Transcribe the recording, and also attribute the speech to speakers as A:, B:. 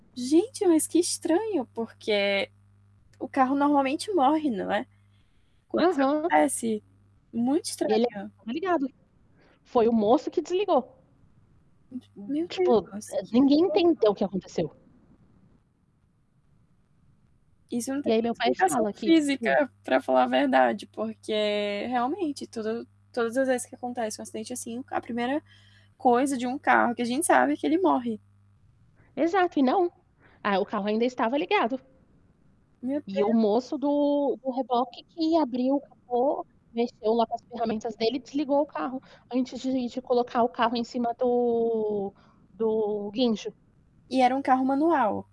A: Gente, mas que estranho. Porque o carro normalmente morre, não é Quando isso
B: Aham.
A: acontece, muito
B: E ele
A: estranho.
B: ainda estava ligado. Foi o moço que desligou.
A: [unintelligible] Meu
B: Tipo, eh,
A: Deus. Que
B: ninguém
A: perigoso.
B: entendeu o que aconteceu.
A: Isso não
B: E
A: tem
B: aí,
A: nem
B: meu pai
A: explicação
B: fala que tipo
A: física, para falar a verdade, porque, realmente, tudo todas as vezes que acontece um acidente assim, a 1º coisa de um carro que a gente sabe é que ele morre.
B: Exato, e não. Ah, o carro ainda estava ligado.
A: Meu
B: E
A: Deus.
B: o moço do do reboque que abriu o capô, mexeu lá com as ferramentas dele e desligou o carro, antes de de colocar o carro em cima do do guincho.
A: E era um carro manual?